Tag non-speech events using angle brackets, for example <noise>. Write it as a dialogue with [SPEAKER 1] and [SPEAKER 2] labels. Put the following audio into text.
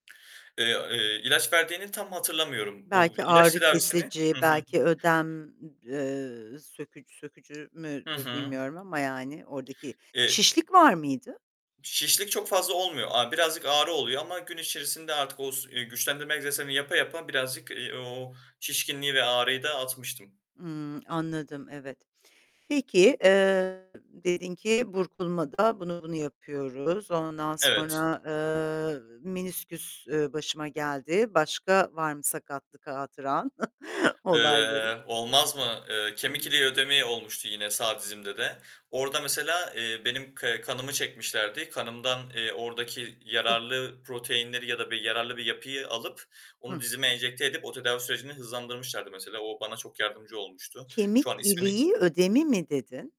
[SPEAKER 1] Eee, eee, ilaç verdiğini tam hatırlamıyorum. O
[SPEAKER 2] Belki
[SPEAKER 1] ilaç
[SPEAKER 2] ağrı
[SPEAKER 1] tedavisini
[SPEAKER 2] kesici,
[SPEAKER 1] Hı hı.
[SPEAKER 2] belki ödem ı eee, söküc sökücü
[SPEAKER 1] Hı
[SPEAKER 2] müdür,
[SPEAKER 1] hı.
[SPEAKER 2] bilmiyorum ama yani, oradaki
[SPEAKER 1] E
[SPEAKER 2] Şişlik var mıydı?
[SPEAKER 1] Şişlik çok fazla olmuyor, a birazcık ağrı oluyor ama gün içerisinde artık o s eee, güçlendirme egzersizlerini yapa yapa birazcık, eee, o o şişkinliği ve ağrıyı da atmıştım.
[SPEAKER 2] Imm, anladım, evet. Peki, eee, dedin ki burkulmada bunu bunu yapıyoruz. Ondan
[SPEAKER 1] Evet.
[SPEAKER 2] sonra, eee, menisküs, eee, başıma geldi. Başka var mı sakatlık hatıran <chuckles> olayları?
[SPEAKER 1] Eee, olmaz mı? Eee, kemik iliği
[SPEAKER 2] Hıı.
[SPEAKER 1] ödemi olmuştu, yine sağ dizimde de. Orada mesela, eee, benim ke kanımı çekmişlerdi. Kanımdan, eee, oradaki
[SPEAKER 2] Ih.
[SPEAKER 1] yararlı proteinleri ya da bir yararlı bir yapıyı alıp onu
[SPEAKER 2] Hı.
[SPEAKER 1] dizime enjekte edip o tedavi sürecini hızlandırmışlardı mesela. O bana çok yardımcı olmuştu.
[SPEAKER 2] Kemik
[SPEAKER 1] Şu an ismini
[SPEAKER 2] iliği ödemi mi dedin?